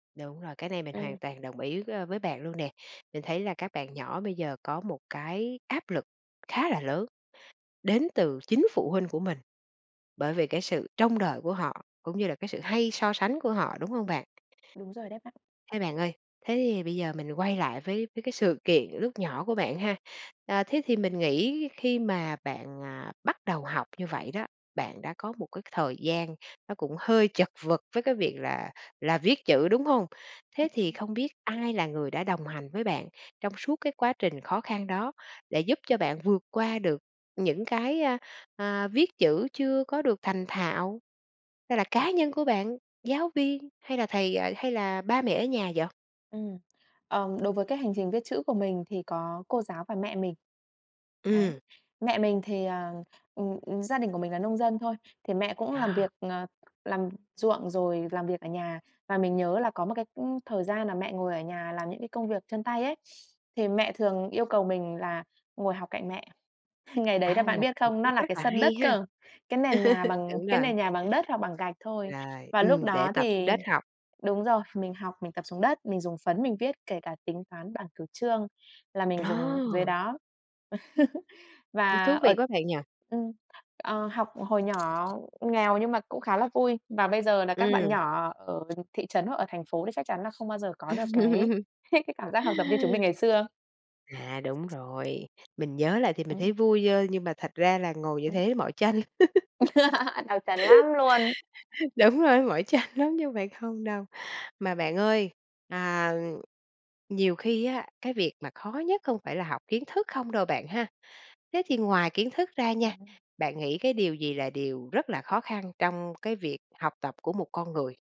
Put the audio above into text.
Đúng rồi, cái này mình Ừm. hoàn toàn đồng ý, ơ, với bạn luôn nè. Mình thấy là các bạn nhỏ bây giờ có một cái áp lực khá là lớn đến từ chính phụ huynh của mình, bởi vì cái sự trông đợi của họ, cũng như là cái sự hay so sánh của họ, đúng hông bạn? Đúng rồi đấy bạn. Thế bạn ơi, thế thì bây giờ mình quay lại với với cái sự kiện lúc nhỏ của bạn ha. À, thế thì mình nghĩ khi mà bạn, à, bắt đầu học như vậy đó, bạn đã có một cái thời gian nó cũng hơi chật vật với cái việc là là viết chữ, đúng hông? Thế Ừm thì hưm. không biết ai là người đã đồng hành với bạn trong suốt cái quá trình khó khăn đó để giúp cho bạn vượt qua được những cái, a, à, viết chữ chưa có được thành thạo? Hay là cá nhân của bạn, giáo viên, hay là thầy à, hay là ba mẹ ở nhà vậy? Ừm, ờm, đối với cái hành trình viết chữ của mình thì có cô giáo và mẹ mình. Đấy. Ừm. Mẹ mình thì, à ừm, ừm, gia đình của mình là nông dân thôi, thì mẹ cũng làm việc, À. ờ, làm ruộng rồi làm việc ở nhà, và mình nhớ là có một cái, ưm, thời gian là mẹ ngồi ở nhà làm những cái công việc chân tay ấy, thì mẹ thường yêu cầu mình là ngồi học cạnh mẹ. Ngày đấy là À. bạn biết Một không, nó cách là rất cái là sân hay đất nha! cơ, cái nền nhà bằng Đúng cái rồi. nền nhà bằng đất hoặc bằng gạch thôi. Rồi, Và lúc ừm, để đó tập xuống thì đất học. đúng rồi, mình học, mình tập xuống đất, mình dùng phấn mình viết kể cả tính toán, bảng cửu chương là mình dùng dưới Ờ! đó. Ừm. Và Thú vị ở quá bạn nhỉ? ừm, ờ, học hồi nhỏ nghèo nhưng mà cũng khá là vui, và bây giờ là các bạn Ừm. nhỏ ở thị trấn hoặc ở thành phố thì chắc chắn là không bao giờ có được cái cái cảm giác học tập như chúng mình ngày xưa. À, đúng rồi, mình nhớ lại thì mình thấy Ừm. vui, ơ, nhưng mà thật ra là ngồi như Ừm. thế mỏi chân. Đọc trần lắm luôn. Đúng rồi đấy, mỏi chân lắm chứ không phải không đâu. Mà bạn ơi, à, nhiều khi á, cái việc mà khó nhất không phải là học kiến thức không đâu bạn ha, thế thì ngoài kiến thức ra nha, Ừm. bạn nghĩ cái điều gì là điều rất là khó khăn trong cái việc học tập của một con người?